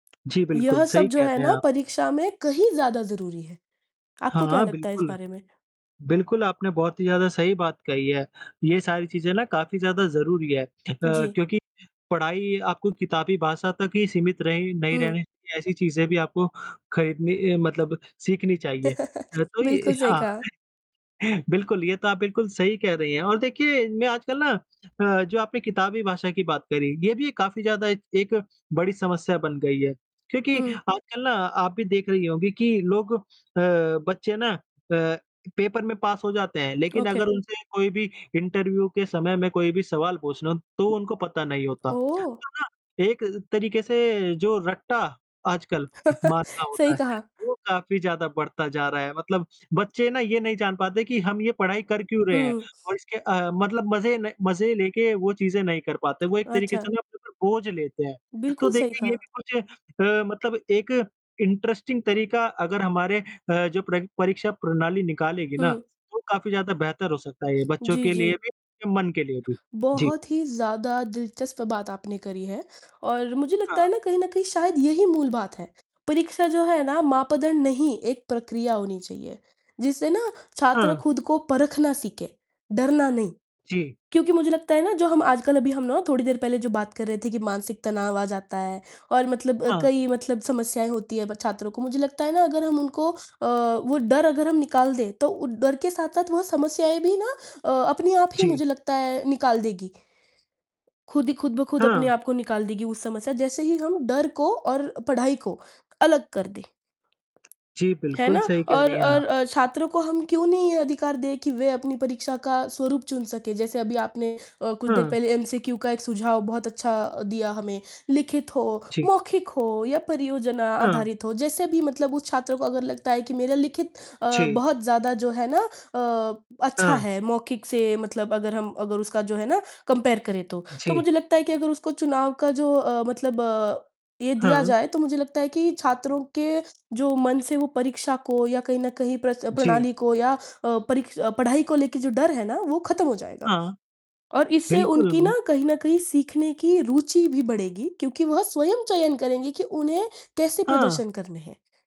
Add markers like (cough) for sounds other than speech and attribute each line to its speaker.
Speaker 1: जी, बिल्कुल
Speaker 2: यह सब
Speaker 1: सही
Speaker 2: जो
Speaker 1: कह
Speaker 2: है
Speaker 1: रहे हैं
Speaker 2: ना,
Speaker 1: आप।
Speaker 2: परीक्षा में कहीं ज़्यादा ज़रूरी है, आपको क्या
Speaker 1: हाँ,
Speaker 2: लगता है इस
Speaker 1: बिल्कुल।
Speaker 2: बारे में?
Speaker 1: बिल्कुल आपने बहुत ही ज़्यादा सही बात कही है। ये सारी चीजें ना काफ़ी ज़्यादा ज़रूरी है अ,
Speaker 2: जी।
Speaker 1: क्योंकि पढ़ाई आपको किताबी भाषा तक ही सीमित रही नहीं
Speaker 2: हुँ।
Speaker 1: रहनी चाहिए ऐसी चीजें भी आपको खरीदनी अ, मतलब सीखनी चाहिए। अ,
Speaker 2: (chuckles)
Speaker 1: तो
Speaker 2: बिल्कुल,
Speaker 1: ये
Speaker 2: सही
Speaker 1: हाँ,
Speaker 2: कहा।
Speaker 1: बिल्कुल, ये तो आप बिल्कुल सही कह रही हैं और देखिए मैं आजकल ना अ, जो आपने किताबी भाषा की बात करी, ये भी एक काफ़ी ज़्यादा एक एक बड़ी समस्या बन गई है। क्योंकि
Speaker 2: हुँ।
Speaker 1: आजकल ना आप भी देख रही होंगी कि लोग अ, बच्चे ना अ, पेपर में पास हो जाते हैं लेकिन
Speaker 2: ओके।
Speaker 1: अगर उनसे कोई भी इंटरव्यू के समय में कोई भी सवाल पूछ लो, तो उनको पता नहीं होता।
Speaker 2: ओह!
Speaker 1: तो ना एक तरीके से जो रट्टा आजकल मारना
Speaker 2: (chuckles) सही
Speaker 1: होता है,
Speaker 2: कहा।
Speaker 1: वो काफ़ी ज़्यादा बढ़ता जा रहा है, मतलब बच्चे ना ये नहीं जान पाते कि हम ये पढ़ाई कर क्यों रहे हैं
Speaker 2: हुँ।
Speaker 1: और इसके अ, मतलब मज़े न मज़े लेके वो चीजें नहीं कर पाते, वो एक तरीके
Speaker 2: अच्छा!
Speaker 1: से ना अपने ऊपर बोझ लेते हैं। तो
Speaker 2: बिल्कुल सही
Speaker 1: देखिए ये
Speaker 2: कहा।
Speaker 1: भी कुछ अ, मतलब एक इंटरेस्टिंग तरीका अगर हमारे अ, जो परी परीक्षा प्रणाली निकालेगी ना,
Speaker 2: हुँ।
Speaker 1: तो काफ़ी ज़्यादा बेहतर हो सकता है ये बच्चों
Speaker 2: जी,
Speaker 1: के लिए
Speaker 2: जी।
Speaker 1: भी और मन के लिए भी। जी।
Speaker 2: बहुत ही ज़्यादा दिलचस्प बात आपने करी है और मुझे लगता
Speaker 1: हाँ।
Speaker 2: है ना कहीं न कहीं शायद यही मूल बात है, परीक्षा जो है ना मापदंड नहीं, एक प्रक्रिया होनी चाहिए जिससे ना छात्र
Speaker 1: हाँ।
Speaker 2: खुद को परखना सीखे, डरना नहीं।
Speaker 1: जी।
Speaker 2: क्योंकि मुझे लगता है ना जो हम आजकल अभी हम ना थोड़ी देर पहले जो बात कर रहे थे कि मानसिक तनाव आ जाता है और मतलब
Speaker 1: हाँ।
Speaker 2: कई मतलब समस्याएँ होती है, ब छात्रों को। मुझे लगता है ना अगर हम उनको अ, वो डर अगर हम निकाल दें, तो उ डर के साथ-साथ वह समस्याएँ भी ना अ, अपनी आप ही
Speaker 1: जी।
Speaker 2: मुझे लगता है निकाल देगी। खुद ही खुद ब खुद अपने
Speaker 1: हाँ।
Speaker 2: आप को निकाल देगी उस समस्या जैसे ही हम डर को और पढ़ाई को अलग कर दें।
Speaker 1: जी,
Speaker 2: है ना?
Speaker 1: बिल्कुल सही कह
Speaker 2: और,
Speaker 1: रही हैं आप।
Speaker 2: और अ, छात्रों को हम क्यों नहीं ये अधिकार दें कि वे अपनी परीक्षा का स्वरूप चुन सकें। जैसे अभी आपने अ, कुछ देर
Speaker 1: हाँ।
Speaker 2: पहले एमसीक्यू का एक सुझाव बहुत अच्छा दिया हमें, लिखित हो,
Speaker 1: जी।
Speaker 2: मौखिक हो या परियोजना
Speaker 1: हाँ।
Speaker 2: आधारित हो। जैसे भी मतलब उस छात्र को अगर लगता है कि मेरा लिखित अ,
Speaker 1: जी।
Speaker 2: बहुत ज़्यादा जो है ना अ, अच्छा
Speaker 1: हाँ।
Speaker 2: है मौखिक से मतलब अगर हम अगर उसका जो है ना कम्पेयर करें तो, तो
Speaker 1: जी।
Speaker 2: मुझे लगता है कि अगर उसको चुनाव का जो अ, मतलब ये दिया
Speaker 1: हाँ।
Speaker 2: जाए तो मुझे लगता है कि छात्रों के जो मन से वो परीक्षा को या कहीं न कहीं प्र
Speaker 1: जी।
Speaker 2: प्रणाली को या अ, परी पढ़ाई को लेके जो डर है ना वो खत्म हो जाएगा
Speaker 1: हाँ,
Speaker 2: और इससे उनकी
Speaker 1: बिल्कुल।
Speaker 2: ना कहीं न कहीं सीखने की रुचि भी बढ़ेगी क्योंकि वह स्वयं चयन करेंगे कि उन्हें कैसे
Speaker 1: हाँ।
Speaker 2: प्रदर्शन करने है।